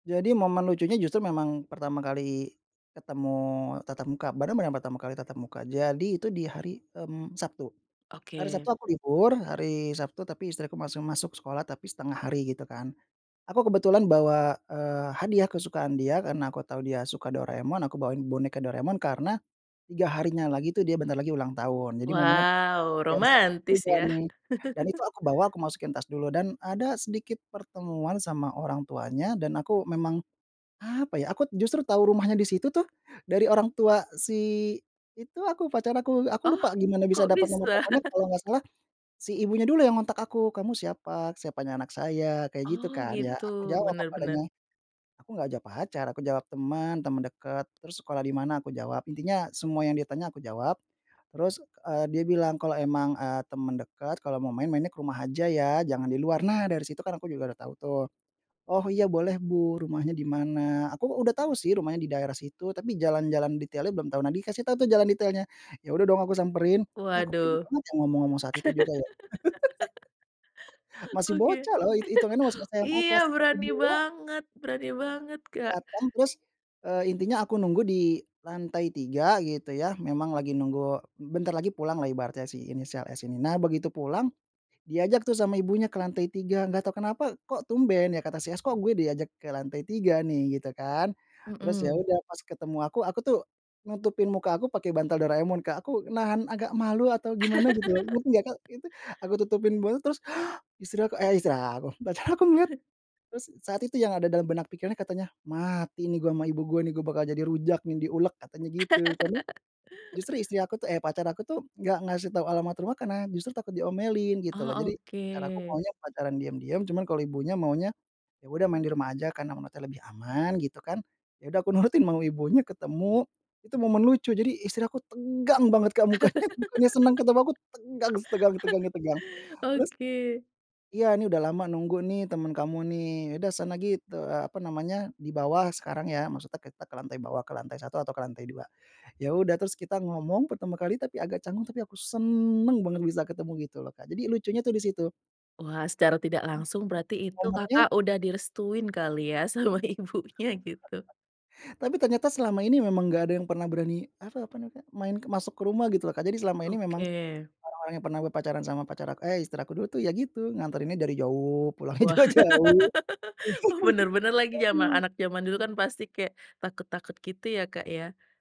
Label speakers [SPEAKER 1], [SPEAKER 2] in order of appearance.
[SPEAKER 1] Jadi momen lucunya justru memang pertama kali ketemu tatap muka, benar-benar pertama kali tatap muka. Jadi itu di hari, mmm, Sabtu, hari
[SPEAKER 2] Oke.
[SPEAKER 1] Sabtu aku libur, hari Sabtu tapi istriku masih masuk sekolah tapi 1/2 hari, gitu kan. Aku kebetulan bawa, eee, hadiah kesukaan dia karena aku tahu dia suka Doraemon, aku bawain boneka Doraemon, karena 3 harinya lagi tuh dia bentar lagi ulang tahun, jadi momennya pas
[SPEAKER 2] Wow,
[SPEAKER 1] di hari Sabtu
[SPEAKER 2] romantis
[SPEAKER 1] juga
[SPEAKER 2] ya?
[SPEAKER 1] nih, dan itu aku bawa aku masukin tas dulu. Dan ada sedikit pertemuan sama orang tuanya dan aku memang, apa ya, aku justru tahu rumahnya di situ tuh dari orang tua si itu aku, pacar aku. Aku
[SPEAKER 2] Oh,
[SPEAKER 1] lupa gimana bisa
[SPEAKER 2] kok
[SPEAKER 1] dapat nomor
[SPEAKER 2] bisa?
[SPEAKER 1] teleponnya, kalau nggak salah si ibunya dulu yang ngontak aku. "Kamu siapa? Siapanya anak saya?" Kayak gitu
[SPEAKER 2] Oh,
[SPEAKER 1] kan, ya
[SPEAKER 2] gitu,
[SPEAKER 1] aku jawab
[SPEAKER 2] bener
[SPEAKER 1] apa
[SPEAKER 2] bener.
[SPEAKER 1] adanya. Aku nggak jawab pacar, aku jawab, "Temen, temen deket." "Terus sekolah di mana?" Aku jawab intinya semua yang dia tanya aku jawab. Terus, eee, dia bilang, "Kalau emang, eee, temen deket kalau mau main, mainnya ke rumah aja ya, jangan di luar." Nah, dari situ kan aku juga udah tahu tuh. "Oh, iya, boleh Bu, rumahnya di mana?" Aku u udah tahu sih rumahnya di daerah situ, tapi jalan-jalan detailnya belum tahu, nah dikasih tahu tuh jalan detailnya. Ya udah dong aku samperin. Ya aku
[SPEAKER 2] Waduh.
[SPEAKER 1] pede banget ya ngomong-ngomong saat itu juga ya? Masih
[SPEAKER 2] Oke.
[SPEAKER 1] bocah loh it hitungannya masih SMA
[SPEAKER 2] Iya,
[SPEAKER 1] kelas 1,
[SPEAKER 2] berani
[SPEAKER 1] 2.
[SPEAKER 2] banget berani banget, Kak.
[SPEAKER 1] Datang terus, eee, intinya aku nunggu di lantai 3 gitu ya, memang lagi nunggu bentar lagi pulanglah ibaratnya si inisial S ini. Nah begitu pulang, diajak tuh sama ibunya ke lantai 3, nggak tahu kenapa kok tumben? Ya kata si S, "Kok gue diajak ke lantai 3 nih?" Gitu kan. Terus ya
[SPEAKER 2] Mhm.
[SPEAKER 1] udah pas ketemu aku, aku tuh nutupin muka aku pakai bantal Doraemon Kak, aku nahan agak malu atau gimana gitu ya, ngerti nggak Kak itu aku tutupin botol terus istri aku eh, istri aku, pacar aku ngeliat terus saat itu yang ada dalam benak pikirannya katanya, "Mati nih gue sama ibu gue nih, gue bakal jadi rujak nih di ulek," katanya gitu. Karena, justru istri aku tuh eh, pacar aku tuh nggak ngasih tahu alamat rumah karena justru takut diomelin gitu
[SPEAKER 2] Oh,
[SPEAKER 1] loh. Jadi pacar aku
[SPEAKER 2] oke.
[SPEAKER 1] maunya pacaran diam-diam, cuman kalau ibunya maunya, "Ya udah main di rumah aja karena memantaunya lebih aman." Gitu kan, ya udah aku nurutin mau ibunya ketemu, itu momen lucu. Jadi istri aku tegang banget Kak mukanya, bukannya senang ketemu aku, tegang setegang tegangnya tegang. Terus
[SPEAKER 2] Oke.
[SPEAKER 1] "Iya, nih, udah lama nunggu nih temen kamu nih, udah sana git eee, apa namanya, di bawah sekarang ya." Maksudnya kita ke lantai bawah, ke lantai 1 atau ke lantai 2. Ya udah, terus kita ngomong pertama kali tapi agak canggung, tapi aku seneng banget bisa ketemu gitu loh Kak, jadi lucunya tuh di situ.
[SPEAKER 2] Wah, secara tidak langsung berarti itu
[SPEAKER 1] Ngomongnya
[SPEAKER 2] Kakak udah direstuin kali ya sama ibunya, gitu?
[SPEAKER 1] Tapi ternyata selama ini memang nggak ada yang pernah berani, apa apa namanya Kak, main ke masuk ke rumah gitu loh, Kak. Jadi selama ini memang
[SPEAKER 2] Oke.
[SPEAKER 1] orang-orang yang pernah berpacaran sama pacar aku eh, istri aku dulu tuh ya gitu, nganterinnya dari jauh, pulangnya
[SPEAKER 2] Wah,
[SPEAKER 1] juga jauh.
[SPEAKER 2] wah, bener-bener lagi jama
[SPEAKER 1] Waduh.
[SPEAKER 2] anak jaman dulu kan pasti kayak takut-takut gitu ya, Kak, ya?